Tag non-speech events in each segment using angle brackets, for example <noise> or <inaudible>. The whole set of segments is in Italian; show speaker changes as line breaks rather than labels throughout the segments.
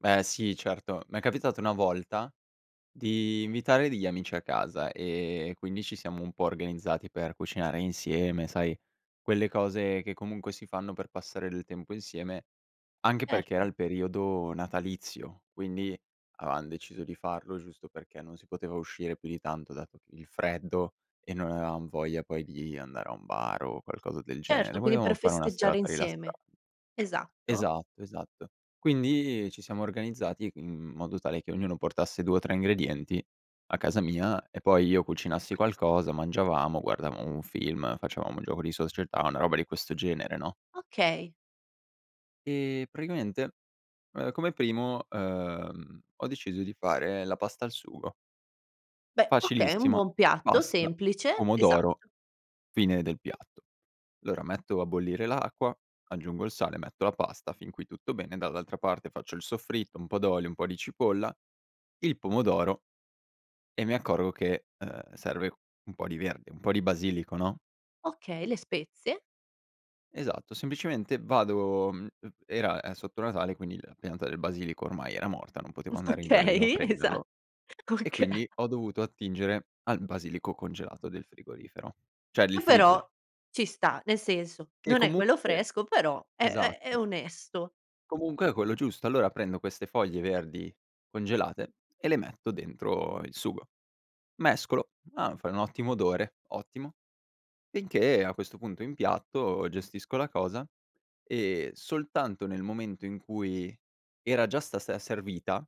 Beh sì certo. M'è capitato una volta di invitare degli amici a casa, ehm, quindi ci siamo un po' organizzati per cucinare insieme sai, quelle cose che comunque si fanno per passare del tempo insieme, anche perché era
Certo.
il periodo natalizio, quindi avevam deciso di farlo giusto perché non si poteva uscire più di tanto dato il freddo, e non avevam voglia poi di andare a un bar o qualcosa del genere.
Certo, quindi
Volevamo
per
fare una
festeggiare
serata rilassan
insieme. Esatto?
Esatto, esatto. Quindi ci siamo organizzati in, mhmm, modo tale che ognuno portasse 2 o 3 ingredienti, a casa mia, e poi io cucinassi qualcosa, mangiavamo, guardavamo un film, facevamo un gioco di società, una roba di questo genere, no?
Okay.
Ehm, praticamente, uhm, come primo, ehm, ho deciso di fare la pasta al sugo.
Beh, okay, un
Facilissima:
buon piatto
pasta,
semplice.
pomodoro,
Esatto.
fine del piatto. Allora metto a bollire l'acqua, aggiungo il sale, metto la pasta fin qui tutto bene, dall'altra parte faccio il soffritto, un po' d'olio, un po' di cipolla, il pomodoro e mi accorgo che, ehm, serve un po' di verde, un po' di basilico, no?
Okay, le spezie.
Esatto, semplicemente vado mhmm, uhm, era, ehm, sotto Natale quindi la pianta del basilico ormai era morta, non potevo andare in giardino a
Okay, esa
prenderlo; e
<chuckles> oka
quindi ho dovuto attingere al basilico congelato del frigorifero cioè li
Oh però,
freezer.
ci sta, nel senso,
Che
non è quello
comunque
fresco, però è è è
esatto.
onesto.
Comunque è quello giusto. Allora prendo queste foglie verdi congelate e le metto dentro il sugo. Mescolo: "Ah, fai un ottimo odore, ottimo!" Finché a questo punto impiatto, gestisco la cosa, ehm, soltanto nel momento in cui era già sta se servita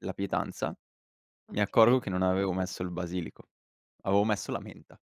la pietanza, mi accorgo
Okay.
che non avevo messo il basilico, avevo messo la menta.